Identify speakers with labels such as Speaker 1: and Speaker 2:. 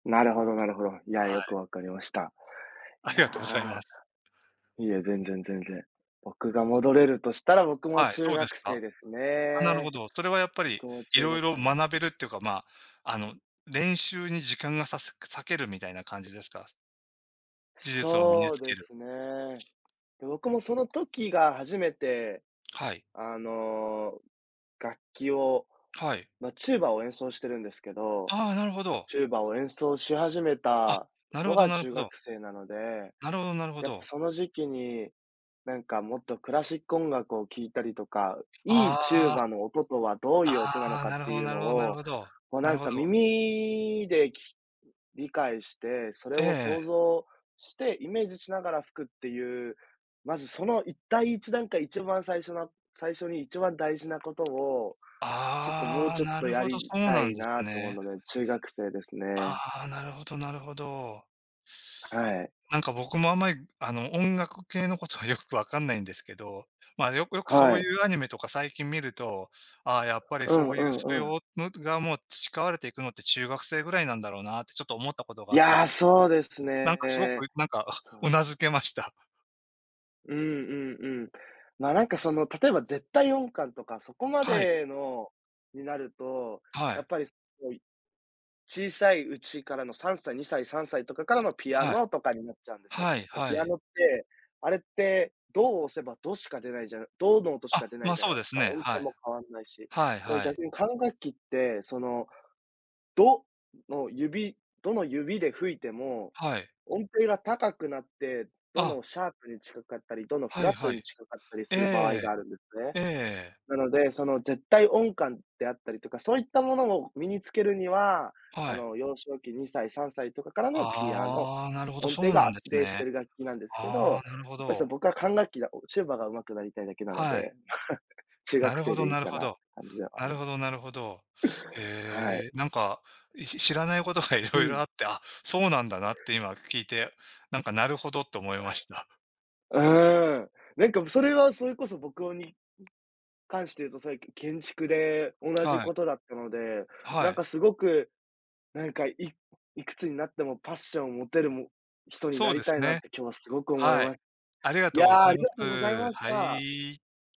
Speaker 1: なるほどなるほど。いや、
Speaker 2: は
Speaker 1: よ
Speaker 2: い。
Speaker 1: くわかりました。
Speaker 2: あ
Speaker 1: い
Speaker 2: りがとうございま
Speaker 1: や、
Speaker 2: す。
Speaker 1: いえ、全然全然。僕が戻れるとしたら、僕も
Speaker 2: はい、
Speaker 1: 中
Speaker 2: どうです
Speaker 1: 学生
Speaker 2: か？
Speaker 1: です
Speaker 2: あ、なるほ
Speaker 1: ね、
Speaker 2: ど。それはやっぱり、
Speaker 1: 僕も中
Speaker 2: 色
Speaker 1: 学
Speaker 2: 々
Speaker 1: 生。
Speaker 2: 学べるってか、まあ、あの練習に時間がさす割けるみたいな感じですか？技術を身に
Speaker 1: そう
Speaker 2: つけ
Speaker 1: で
Speaker 2: る。
Speaker 1: すね。で僕もその時が初めて、
Speaker 2: はい。
Speaker 1: あの、楽器を、
Speaker 2: はい。
Speaker 1: ま、チューバを演奏してるんですけど、
Speaker 2: ああ、なるほど。
Speaker 1: チューバを演奏し始め
Speaker 2: あ、
Speaker 1: た
Speaker 2: なる
Speaker 1: の
Speaker 2: ほど
Speaker 1: が
Speaker 2: なる
Speaker 1: 中
Speaker 2: ほど。
Speaker 1: 学生なので、
Speaker 2: なるほどなるほ
Speaker 1: やっぱ
Speaker 2: ど。
Speaker 1: その時期に、なんかもっとクラシック音楽を聴いたりとか、いいチュー
Speaker 2: ああ、
Speaker 1: バーの音とはどういう音なの
Speaker 2: ああ、
Speaker 1: かっ
Speaker 2: なる
Speaker 1: て
Speaker 2: ほど
Speaker 1: いう
Speaker 2: な
Speaker 1: の
Speaker 2: るほどなる
Speaker 1: を、
Speaker 2: ほど、
Speaker 1: こう
Speaker 2: な
Speaker 1: な
Speaker 2: る
Speaker 1: ん
Speaker 2: ほ
Speaker 1: か
Speaker 2: ど。
Speaker 1: 耳でき理解して、それを
Speaker 2: え
Speaker 1: 想
Speaker 2: え。
Speaker 1: 像してイメージしながら吹くっていう、まずそのいっ第一段階、一番最初の最初に一番大事なことを、ちょっともう
Speaker 2: ああ、
Speaker 1: ちょっ
Speaker 2: な
Speaker 1: と
Speaker 2: る
Speaker 1: や
Speaker 2: ほど、そ
Speaker 1: り
Speaker 2: う
Speaker 1: た
Speaker 2: なん
Speaker 1: い
Speaker 2: で
Speaker 1: な
Speaker 2: す
Speaker 1: と思う
Speaker 2: ね。
Speaker 1: ので、中学生ですね。
Speaker 2: ああ、なるほどなるほど。
Speaker 1: はい。
Speaker 2: なんか僕もあんまり、あの音楽系のことはよくわかんないんですけど、ま、よくよくそ
Speaker 1: は
Speaker 2: うい
Speaker 1: い。
Speaker 2: うアニメとか最近見ると、ああやっぱり
Speaker 1: う
Speaker 2: そ
Speaker 1: ん
Speaker 2: う
Speaker 1: う
Speaker 2: いう
Speaker 1: ん
Speaker 2: 素
Speaker 1: うん。
Speaker 2: 養むくが培われていくのって中学生ぐらいなんだろうなってちょっと思ったことがあった。
Speaker 1: やあ、そうです
Speaker 2: なんかすご
Speaker 1: ね。
Speaker 2: く、なんか、
Speaker 1: そう。
Speaker 2: 頷けました。
Speaker 1: うんうんうん。ま、なんかその例えば絶対音感とか、そこま
Speaker 2: はい。
Speaker 1: でのになると、
Speaker 2: は
Speaker 1: や
Speaker 2: い。
Speaker 1: っぱりこう、小さいうちからの3歳、2歳、3歳とかからのピア
Speaker 2: はい。
Speaker 1: ノとかになっちゃうんですよ。
Speaker 2: はい
Speaker 1: で、ピ
Speaker 2: は
Speaker 1: ア
Speaker 2: い。
Speaker 1: ノって、あれってドを押せばドしか出ないじゃないドの音し
Speaker 2: あ、
Speaker 1: か出ない
Speaker 2: ま、
Speaker 1: じゃな
Speaker 2: そ
Speaker 1: い
Speaker 2: うで
Speaker 1: です
Speaker 2: す
Speaker 1: か、
Speaker 2: ね。
Speaker 1: 音
Speaker 2: は
Speaker 1: 程
Speaker 2: い。
Speaker 1: も変わんないし。
Speaker 2: はい
Speaker 1: だから
Speaker 2: はい。
Speaker 1: 逆に管楽器って、その、ドの指ドの指で吹いても、
Speaker 2: はい。
Speaker 1: 音程が高くなって、ド
Speaker 2: あ
Speaker 1: のシャープに近かったり、ドのフ
Speaker 2: はい
Speaker 1: ラット
Speaker 2: はい。
Speaker 1: に近かったり
Speaker 2: え
Speaker 1: する場合
Speaker 2: え、
Speaker 1: があるんですね。
Speaker 2: ええ。
Speaker 1: なので、その絶対音感であったりとか、そういったものを身につけるには、
Speaker 2: は
Speaker 1: あ
Speaker 2: い。
Speaker 1: の、幼少期、2歳、3歳とかからのピアノ、
Speaker 2: ああ、なるほど、
Speaker 1: 音
Speaker 2: そ
Speaker 1: 程
Speaker 2: う
Speaker 1: が
Speaker 2: なん
Speaker 1: 安
Speaker 2: です
Speaker 1: 定して
Speaker 2: ね。
Speaker 1: いる楽器なんですけど、や
Speaker 2: あ
Speaker 1: っ
Speaker 2: あ、なるほ
Speaker 1: ぱりそ
Speaker 2: ど。
Speaker 1: の僕は管楽器がチューバが上手くなりたいだけなの
Speaker 2: はい。
Speaker 1: で、中
Speaker 2: な
Speaker 1: 学
Speaker 2: るほ
Speaker 1: 生
Speaker 2: ど
Speaker 1: でいい
Speaker 2: なる
Speaker 1: か
Speaker 2: ほ
Speaker 1: なって
Speaker 2: ど。
Speaker 1: 感じではあ
Speaker 2: な
Speaker 1: るん
Speaker 2: る
Speaker 1: で
Speaker 2: ほど
Speaker 1: すけ
Speaker 2: な
Speaker 1: ど。
Speaker 2: るほど。
Speaker 1: はい。
Speaker 2: へえ。なんか、し知らないことが
Speaker 1: う
Speaker 2: 色々あ
Speaker 1: ん。
Speaker 2: って、あ、そうなんだなって今聞いて、なんかなるほどって思い
Speaker 1: は
Speaker 2: ました。
Speaker 1: い。うーん、なんかそれはそれこそ僕をに、関して言うと最近建築で 同じ
Speaker 2: はい。
Speaker 1: ことだったので、
Speaker 2: は
Speaker 1: なん
Speaker 2: い。
Speaker 1: かすごく、なんかいいくつになってもパッションを持てる人に
Speaker 2: そ
Speaker 1: な
Speaker 2: うで
Speaker 1: り
Speaker 2: す
Speaker 1: たいなっ
Speaker 2: ね。
Speaker 1: て今日は凄く思い
Speaker 2: はい。
Speaker 1: まし
Speaker 2: ありがと
Speaker 1: や
Speaker 2: うご
Speaker 1: あ、
Speaker 2: ざ
Speaker 1: あ
Speaker 2: い
Speaker 1: り
Speaker 2: ま
Speaker 1: がとうござい
Speaker 2: す、
Speaker 1: まし
Speaker 2: は
Speaker 1: た。
Speaker 2: い。